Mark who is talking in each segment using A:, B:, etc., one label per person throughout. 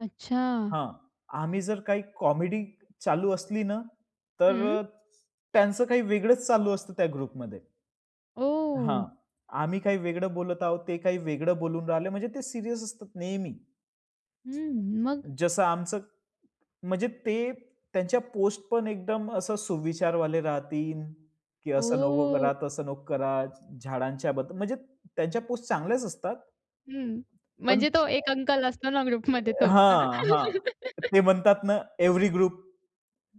A: अच्छा!
B: हां. आम्ही जर काही कॉमेडी चालू असली ना,
A: हं.
B: तर त्यांचं काही वेगळच चालू असतं त्या ग्रुपमध्ये. हां.
A: ओह!
B: आम्ही काही वेगळं बोलत आहोत, ते काही वेगळं बोलून राहिले, म्हणजे ते सीरियस असतात नेहमी.
A: हं. मग?
B: जसं आमचं म्हणजे ते त्यांच्या पोस्टपण एकदम असं सुविचार वाले राहतील, की असं नको
A: ओह!
B: करा, तसं नको कराच. झाडांच्या बद्द म्हणजे त्यांच्या पोस्ट चांगल्याच असतात.
A: हं.
B: पण
A: म्हणजे तो एक अंकल असतो ना ग्रुपमध्ये तो. हो ना.
B: हां, हां. ते म्हणतात ना every group?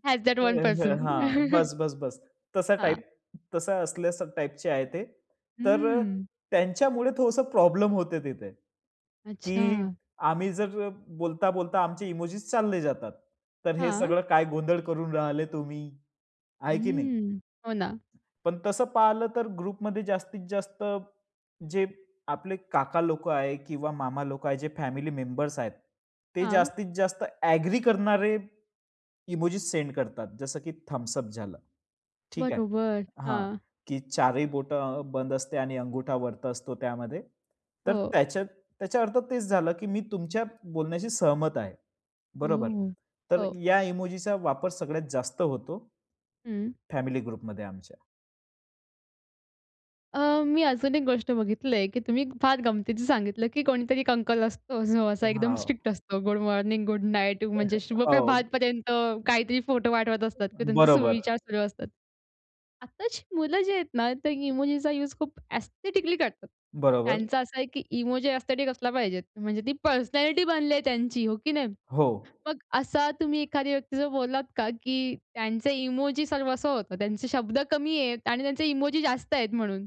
A: Has that one person.
B: हां. बस, बस, बस तसा
A: हां.
B: टाइप तसा असल्यास टाइपचे आहे ते. तर अ,
A: हम्म.
B: त्यांच्यामुळे थोडसं प्रॉब्लेम होते तिथे, की
A: अच्छा.
B: आम्ही जर अ, बोलता, बोलता आमचे इमोजीस चालले जातात. तर हे
A: हां.
B: सगळं काय गोंधळ करून राहिले तुम्ही? आहे की नाही?
A: हम्म. हो ना.
B: पण तसं पाहिलं तर ग्रुपमध्ये जास्तीत जास्त जे, आपले काका लोक आहे किंवा मामा लोक आहे, जे फॅमिली मेंबर्स आहेत. ते
A: हां.
B: जास्तीत जास्त ॲग्री करणारे, इमोजीस सेंड करतात. जसं की थंब्स अप झालं. ठीक आहे
A: बरोबर.
B: हां,
A: हां.
B: की 4ही बोटं बंद असते आणि अंगुठा वरती असतो त्यामध्ये. तर
A: हो.
B: त्याच्यात त्याच्या अर्थ तेच झालं, की मी तुमच्या बोलण्याशी सहमत आहे. बरोबर.
A: ओ!
B: तर
A: हो.
B: या इमोजीचा वापर सगळ्यात जास्त होतो.
A: हं.
B: फॅमिली ग्रुपमध्ये आमच्या.
A: अ, मी अजून एक गोष्ट बघितलंय, की तुम्ही फार गमतीचं सांगितलं, की कोणीतरी एक अंकल असतो जो असा एकदम
B: हां, ओ.
A: स्ट्रिक्ट असतो. गुड मॉर्निंग, गुड नाईट म्हणजे शुभ
B: हो.
A: प्रभातपर्यंत, काहीतरी फोटो पाटवत असतात, की त्यांचा
B: बरोबर.
A: सुविचार सुरू असतात. आत्ताची मुलं जी आहेत ना ते इमोजीचा युज खूप एस्थेटिकली करतात.
B: बरोबर.
A: त्यांचा असा आहे, की इमोजी एस्थेटिक असला पाहिजेत. म्हणजे ती पर्सनॅलिटी बनली आहे त्यांची हो की नाही.
B: हो.
A: मग असा तुम्ही एखाद्या व्यक्ती जर बोललात का, की त्यांचे इमोजी सर्वस्व होतं, त्यांचे शब्द कमी आहेत आणि त्यांचे इमोजी जास्त आहेत म्हणून.